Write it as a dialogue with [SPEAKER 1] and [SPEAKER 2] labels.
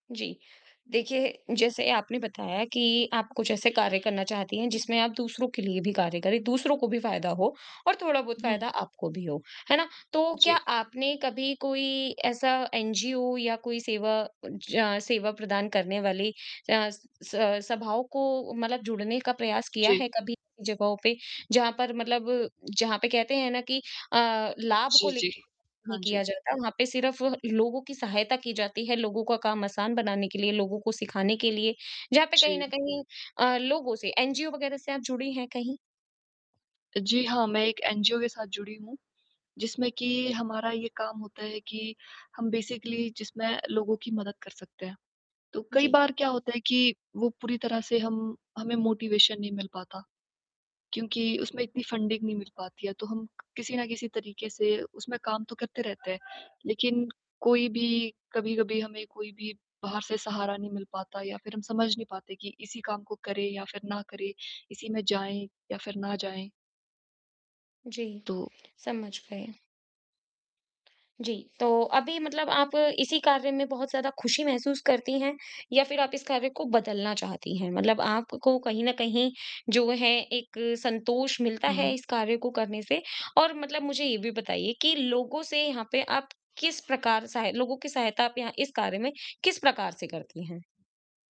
[SPEAKER 1] जी, देखिए जैसे आपने बताया कि आप कुछ ऐसे कार्य करना चाहती हैं जिसमें आप दूसरों के लिए भी कार्य करें, दूसरों को भी फायदा हो और थोड़ा बहुत
[SPEAKER 2] हुँ।
[SPEAKER 1] फायदा आपको भी हो। है ना? तो क्या
[SPEAKER 2] जी।
[SPEAKER 1] आपने कभी कोई ऐसा एनजीओ या कोई सेवा ज सेवा प्रदान करने वाली अ, स सभाओं को मतलब जुड़ने का प्रयास किया
[SPEAKER 2] जी।
[SPEAKER 1] है कभी जगहों पे जहाँ पर मतलब जहाँ पे कहते हैं ना कि अ, लाभ को
[SPEAKER 2] जी,
[SPEAKER 1] ले
[SPEAKER 2] जी।
[SPEAKER 1] ही
[SPEAKER 2] हाँ जी।
[SPEAKER 1] किया जाता वहाँ पे सिर्फ लोगों की सहायता की जाती है लोगों का काम आसान बनाने के लिए, लोगों को सिखाने के लिए जहाँ पे कहीं न
[SPEAKER 2] जी।
[SPEAKER 1] कहीं अ, लोगों से एनजीओ वगैरह से आप जुड़ी हैं कहीं?
[SPEAKER 2] जी हाँ, मैं एक एनजीओ के साथ जुड़ी हूँ जिसमें कि हमारा ये काम होता है कि हम बेसिकली जिसमें लोगों की मदद कर सकते हैं। तो कई
[SPEAKER 1] जी।
[SPEAKER 2] बार क्या होता है कि वो पूरी तरह से हम हमें मोटिवेशन नहीं मिल पाता। क्योंकि उसमें इतनी फंडिंग नहीं मिल पाती या तो हम किसी न किसी तरीके से उसमें काम तो करते रहते हैं लेकिन कोई भी कभी-कभी हमें कोई भी बाहर से सहारा नहीं मिल पाता या फिर हम समझ नहीं पाते कि इसी काम को करें या फिर ना करें? इसी में जाएँ या फिर ना जाएँ?
[SPEAKER 1] जी,
[SPEAKER 2] तो
[SPEAKER 1] समझ गई। जी, तो अभी मतलब आप इसी कार्य में बहुत ज़्यादा खुशी महसूस करती हैं या फिर आप इस कार्य को बदलना चाहती हैं? मतलब आपको कहीं न कहीं जो है एक संतोष मिलता
[SPEAKER 2] हुँ।
[SPEAKER 1] है इस कार्य को करने से और मतलब मुझे ये भी बताइए कि लोगों से यहाँ पे आप किस प्रकार सहाय लोगों की सहायता आप यहाँ इस कार्य में किस प्रकार से करती हैं?